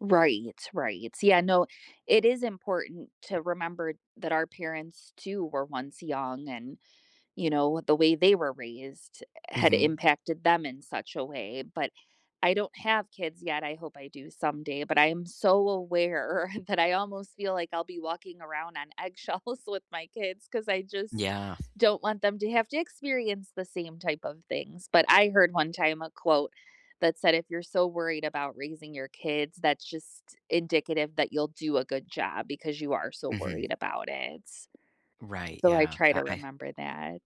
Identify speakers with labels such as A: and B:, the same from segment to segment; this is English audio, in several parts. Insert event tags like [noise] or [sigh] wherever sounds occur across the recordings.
A: Right, right. Yeah, no, it is important to remember that our parents, too, were once young, and, you know, with the way they were raised, eh, had
B: Mhm.
A: impacted them in such a way, but I don't have kids yet- I hope I do someday- but I am so aware, that I almost feel like I'll be walking around on eggshells with my kids, 'cause I just
B: Yeah.
A: don't want them to have to experience the same type of things, but I heard, one time, a quote, that said, "If you're so worried about raising your kids, that's just indicative that you'll do a good job, because you are so
B: Mhm.
A: worried about it."
B: Right,
A: So, I
B: yeah,
A: try
B: I
A: to
B: I
A: remember that.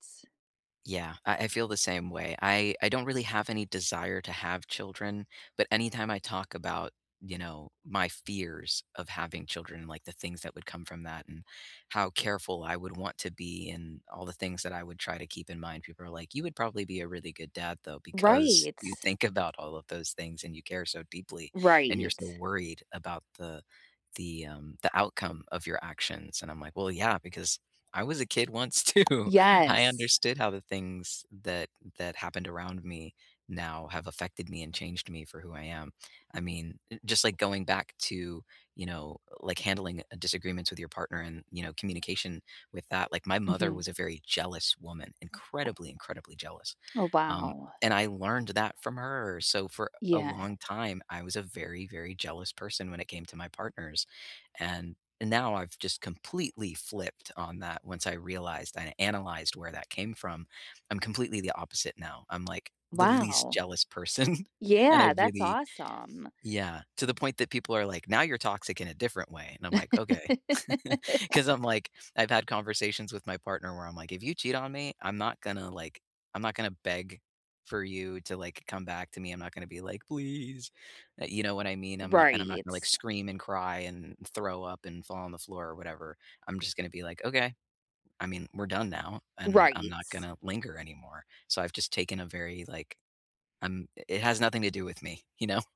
B: Yeah, I I feel the same way, I I don't really have any desire to have children, but anytime I talk about, you know, my fears of having children, like, the things that would come from that, and how careful I would want to be, and all the things that I would try to keep in mind, people are like, "You would probably be a really good dad though, because
A: Right.
B: you think about all of those things, and you care so deeply, and you're
A: Right.
B: so worried about the the, um, the outcome of your actions," and I'm like, "Well, yeah, because I was a kid once, too." I
A: Yes.
B: understood how the things that that happened around me, now have affected me and changed me for who I am. I mean, eh, just like going back to, you know, like, handling, uh disagreements with your partner, and, you know, communication with that like, my mother
A: Mhm.
B: was a very jealous woman, incredibly, incredibly jealous,
A: Oh,
B: um,
A: wow.
B: and I learned that from her, so for a
A: Yeah.
B: long time, I was a very, very jealous person when it came to my partners, and n now, I've just completely flipped on that, once I realized, and I analyzed where that came from. I'm completely the opposite now, I'm, like, the least
A: Wow.
B: jealous person, [giggles] and I
A: Yeah, that's
B: really
A: awesome.
B: Yeah, to the point that people are like, "Now you're toxic in a different way," and I'm like, "Okay." [laughs] 'Cause I'm,
A: [laughs]
B: like I've had conversations with my partner, where I'm like, "If you cheat on me, I'm not gonna, like, I'm not gonna beg for you to, like, come back to me. I'm not gonna be like, 'please.'" Uh, you know what I mean? I'm not and I'm not
A: Right.
B: gonna, like, scream, and cry, and throw up, and fall on the floor or whatever. I'm just gonna be like, "Okay. I mean, we're done now," and I'm not
A: Right.
B: gonna linger anymore. So, I've just taken a very, like I'm i it has nothing to do with me, you know?